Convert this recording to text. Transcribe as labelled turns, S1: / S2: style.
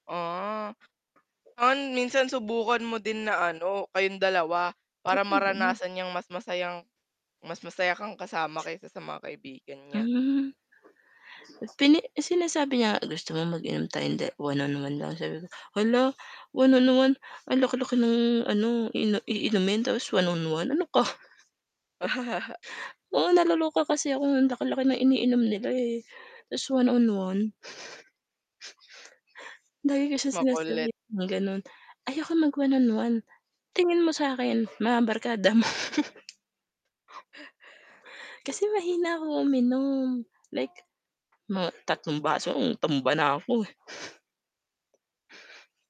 S1: Oo. An minsan subukan mo din na ano, kayong dalawa, para
S2: [unintelligible]
S1: maranasan niyang mas masayang mas masaya kang kasama kaysa sa mga kaibigan niya.
S2: Hmm. Pini sinasabi niya "Gusto mo mag-inom tayong da 1 on 1 lang?" sabi ko "Hala, 1 on 1 ang laki-laki ng ano, i iinumin tapos 1 on 1 ano ka?" Oo, naloloka kasi ako ang laki-laki ng iniinom nila, eh, ta's 1 on 1. Lagi ko siya
S1: Makulit.
S2: sinasabihan ng ganun, "Ayoko mag 1 on 1 tingin mo sa'kin mga barkada mo?" Kasi mahina ako uminom. Like, mga tatlong baso ,tumba na ako, eh.